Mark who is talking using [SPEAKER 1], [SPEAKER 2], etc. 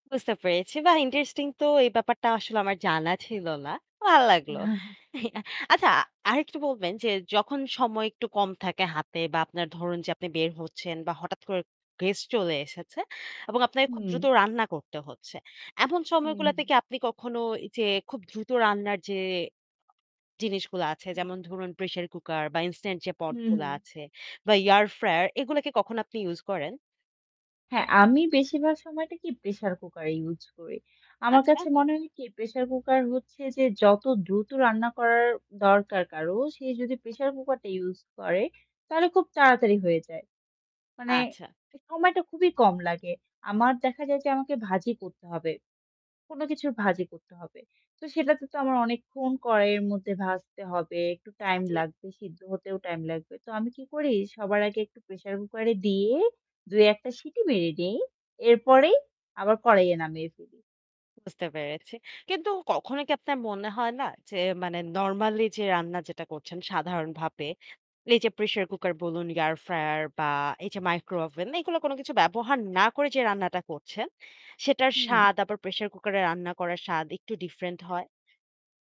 [SPEAKER 1] বুঝতে পেরেছি। বাহ! ইন্টারেস্টিং তো এই ব্যাপারটা আসলে আমার জানা ছিল না। ভাল লাগলো। আচ্ছা আরেকটু বলবেন যে, যখন সময় একটু কম থাকে হাতে বা আপনার ধরুন যে আপনি বের হচ্ছেন বা হঠাৎ করে গেস্ট চলে এসেছে এবং আপনাকে খুব
[SPEAKER 2] হুম।
[SPEAKER 1] দ্রুত রান্না করতে হচ্ছে। এমন
[SPEAKER 2] হুম, হুম।
[SPEAKER 1] সময়গুলাতে কি আপনি কখনো এইযে খুব দ্রুত রান্নার যে জিনিসগুলো আছে,
[SPEAKER 2] হুম।
[SPEAKER 1] যেমন ধরুন প্রেশার কুকার বা ইনস্ট্যান্ট যে
[SPEAKER 2] হুম,
[SPEAKER 1] পটগুলা
[SPEAKER 2] হুম।
[SPEAKER 1] আছে বা এয়ার ফ্রায়ার এগুলা কি কখন আপনি ইউজ করেন?
[SPEAKER 2] হ্যাঁ আমি বেশিরভাগ সময়টা কি প্রেশার কুকার ইউজ করি। আমার
[SPEAKER 1] আচ্ছা।
[SPEAKER 2] কাছে মনে হয় কি প্রেশার কুকার হচ্ছে যে যত দ্রুত রান্না করার দরকার কারো, সে যদি প্রেশার কুকারটা ইউজ করে তাহলে খুব তাড়াতাড়ি হয়ে যায়। মানে
[SPEAKER 1] আচ্ছা।
[SPEAKER 2] এ সময়টা খুবই কম লাগে। আমার দেখা যায় যে আমাকে ভাজি করতে হবে কোন কিছুর ভাজি করতে হবে। তো সেটাতে তো আমার অনেকক্ষণ কড়াইয়ের মধ্যে ভাজতে হবে। একটু টাইম
[SPEAKER 1] জ্বী।
[SPEAKER 2] লাগবে সিদ্ধ হতেও টাইম লাগবে। তো আমি কি করি? সবার আগে একটু প্রেশার কুকারে দিয়ে ২-১ টা সিটি মেরে দেই।
[SPEAKER 1] হুম।
[SPEAKER 2] এরপরেই আবার কড়াইয়ে নামিয়ে ফেলি।
[SPEAKER 1] বুঝতে পেরেছি। কিন্তু কখনো কি আপনার মনে হয় না? যে মানে নরমালি যে রান্না যেটা করছেন সাধারণভাবে, এই যে প্রেশার কুকার বলুন এয়ার ফ্রায়ার বা এই যে মাইক্রোওভেন, এইগুলো কোন কিছু ব্যবহার না করে যে রান্নাটা করছেন, সেটার
[SPEAKER 2] হুম।
[SPEAKER 1] স্বাদ আবার প্রেশার কুকারে রান্না করা স্বাদ একটু ডিফারেন্ট হয়?